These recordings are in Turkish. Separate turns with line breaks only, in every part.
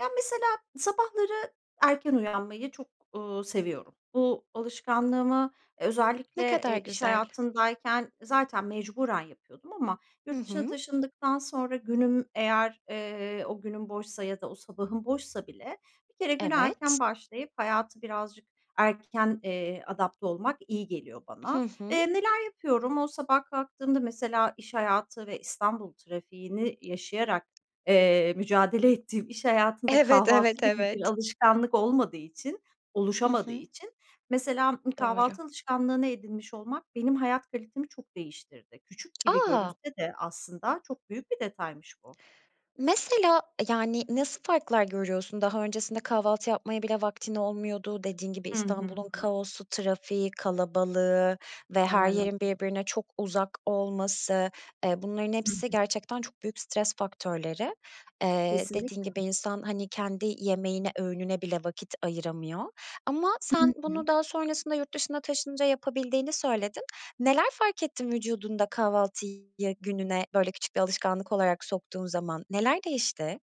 Ya, mesela, sabahları erken uyanmayı çok, uuu, seviyorum. Bu alışkanlığımı
Ne
özellikle,
kadar
eee, iş
güzel.
hayatındayken zaten mecburen yapıyordum ama
Hı
yurt dışına
hı.
taşındıktan sonra günüm eğer, eee, o günüm boşsa ya da o sabahım boşsa bile bir kere güne
Evet.
erken başlayıp hayata birazcık erken, eee, adapte olmak iyi geliyor
Hı
bana.
hı.
Eee, neler yapıyorum? O sabah kalktığımda, mesela, iş hayatı ve İstanbul trafiğini yaşayarak, eee, mücadele ettiğim iş hayatında
Evet,
kahvaltı
evet,
gibi bir
evet.
alışkanlık olmadığı için,
Hı
oluşamadığı
hı.
için, mesela,
Doğru.
kahvaltı alışkanlığını edinmiş olmak benim hayat kalitemi çok değiştirdi. Küçük gibi
A!
görünse de aslında çok büyük bir detaymış bu.
Mesela, yani, nasıl farklar görüyorsun? Daha öncesinde kahvaltı yapmaya bile vaktin olmuyordu. Dediğin gibi
Hı hı.
İstanbul'un kaosu, trafiği, kalabalığı ve her
Aynen öyle.
yerin birbirine çok uzak olması. E, bunların
Hı
hepsi
hı.
gerçekten çok büyük stres faktörleri. Eee, dediğin
Kesinlikle.
gibi insan, hani, kendi yemeğine, öğününe bile vakit ayıramıyor ama
Hı
sen bunu
hı.
daha sonrasında yurt dışına taşınınca yapabildiğini söyledin. Neler fark ettin vücudunda, kahvaltıyı gününe, böyle, küçük bir alışkanlık olarak soktuğun zaman? Neler değişti?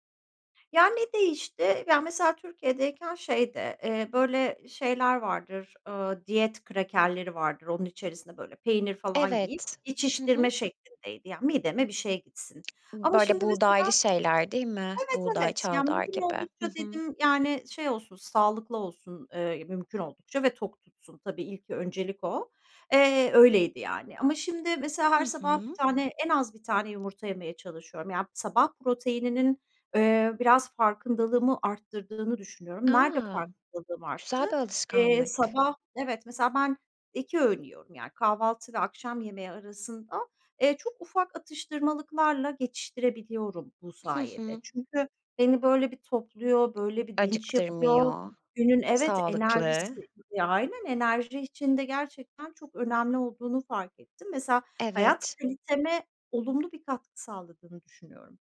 Ya, ne değişti? Ya, mesela, Türkiye'deyken şeydi, eee, böyle şeyler vardır, ııı, diyet krakerleri vardır. Onun içerisine, böyle, peynir falan yiyip,
Evet. Hı
geçiştirme
hı.
şeklindeydi. Yani, mideme bir şey gitsin.
B
Ama şimdi,
böyle,
mesela
buğdaylı şeyler, değil mi?
Evet,
Buğday,
evet, yani,
çavdar
mümkün
gibi. Hı
oldukça
hı.
dedim, yani, şey olsun, sağlıklı olsun, eee, mümkün oldukça ve tok tutsun. Tabii, ilk, öncelik o. Eee, öyleydi, yani. Ama şimdi, mesela,
Hı
her sabah 1
hı.
tane, en az 1 tane yumurta yemeye çalışıyorum. Yani, sabah proteininin, eee, biraz farkındalığımı arttırdığını düşünüyorum. Nerede
A!
farkındalığım arttı?
Güzel bir
Eee,
alışkanlık.
sabah, evet, mesela, ben 2 öğün yiyorum. Yani, kahvaltı ve akşam yemeği arasında, eee, çok ufak atıştırmalıklarla geçiştirebiliyorum bu
Hı
sayede.
hı.
Çünkü beni, böyle, bir topluyor, böyle, bir dinç yapıyor.
Acıktırmıyor,
Günün, evet,
sağlıklı.
enerjisi Ya, aynen, enerji için de gerçekten çok önemli olduğunu fark ettim. Mesela, hayat
Evet.
kaliteme olumlu bir katkı sağladığını düşünüyorum.